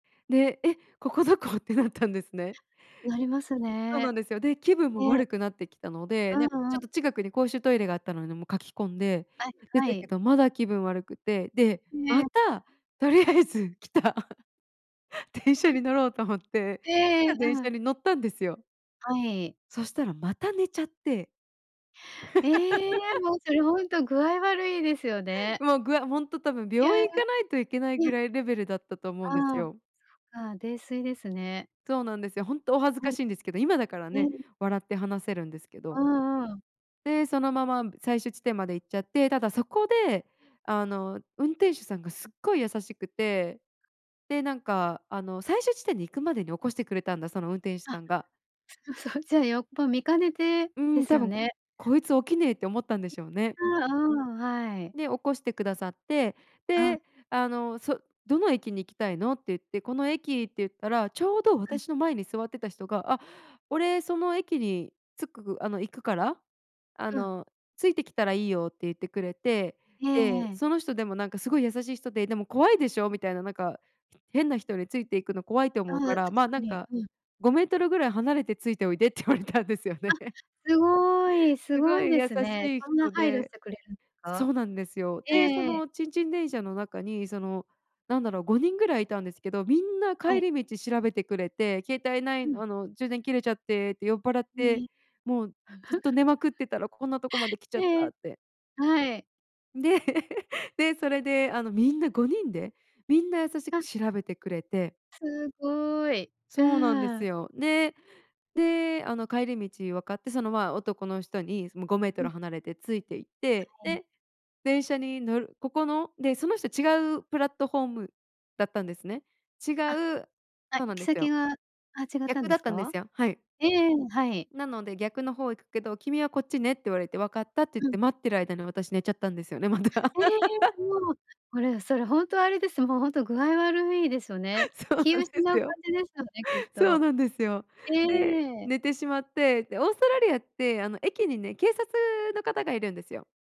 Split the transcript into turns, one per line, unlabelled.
で、「え、ここ何処？」ってなったんですね。
なります
そうな
ね。
んですよ、で、気分も
ええ。
悪くなってきたので、
う
なんか
んう
ちょ
ん。
っと近くに公衆トイレがあったので、もう、かけ込んで、
あ、
出
は
たけ
い。
ど、まだ気分悪くて、で、
え
ま
え。
た、とりあえず、来た電車 に乗ろうと思って来
え
た
え、
電
う
車
ん。
に乗ったんですよ。
はい。
そしたら、また寝ちゃって。
ええ、もう、それほんと、具合悪いですよね。
もうぐわほんと多分、
い
病
や、い
院行かないといけないぐ
や。
らいレベルだったと思うんです
ああ、そっ
よ。
か、泥酔ですね。
そうなんですよ。ほんと、お恥ず
う
か
ん。
しいんですけど、今だからね、
ええ。
笑って話せるんですけど。
うんうん。
で、そのまま最終地点まで行っちゃって、ただそこで、あの運転手さんがすっごい優しくて、で、なんか、あの最終地点に行くまでに起こしてくれたんだ、その運転手
あ、
さんが。
そう、じゃあ、よっぽ見兼ねて
うー
で
ん、
す
多
よ
分、
ね。
「こいつ起きねえ」って思ったんで
い
しょうね。
や、うーん、はい。
で、起こして下さって、
ああ。
で、あの、そ、「どの駅に行きたいの？」って言って、「この駅」って言ったら、丁度
はい。
私の前に座ってた人が、「あ、俺その駅に着く、あの行くから、あ
うん。
の、ついて来たらいいよ」って言ってくれて、
ええ
で、
ええ。
その人でもなんか、すごい優しい人で、「でも怖いでしょ」みたいな、なんか「変な人について行くの怖いと
あ
思
あ、
うか
確
ら、ま、
か
なん
に。
か
うん。
5mぐらい離れてついておいで」って言われたんですよ
あ、
ね。
すごい、す
す
ご
ご
い
い
で
優
すね。
しい
そんな
人
配慮し
で。
てくれるんです
そ
か？
うなんですよ。
え
で、そ
え。
のちんちん電車の中に、その何だろう。5人ぐらいいたんですけど、皆
は
帰
い。
り道調べてくれて、「携帯な
う
い、
ん。
あの充電切れちゃってって、酔っぱらっ
へ
て、
え。
もうずっと 寝まくってたら、こんなとこまで来ちゃっ
え
た」
え、
って。
はい。
で、で、それで、あの、皆5人で、皆優し
あ。
く調べてくれて。
すっごい、う
そうなんです
ん。
よ。で、で、あの帰り道分かって、その、ま、男の人に、もう、ごメート
う
ル
ん。
離れてついて行って、
はい。
で、電車に乗るここので、その人違うプラットフォームだったんですね。違
あ、
う
あ、
そう
行
なん
き
ですよ。
先が、あ、違ったん
逆
で
だ
す
ったんで
か？
すよ。はい。
ええ、はい。
なので、逆の方行くけど、「君はこっちね」って言われて、「分かった」って言っ
うん。
て、待ってる間に、私寝ちゃったんですよね、また。
ええ、もう、これ、それほんと、あれです、もうほんと、具合悪いですよ ね。
そう
気
なんで
失
す
う感
よ。
じですよね、きっ
そう
と。
なんですよ。
え
で、
え。
寝てしまって、で、オーストラリアって、あの駅にね、警察の方がいるんですよ。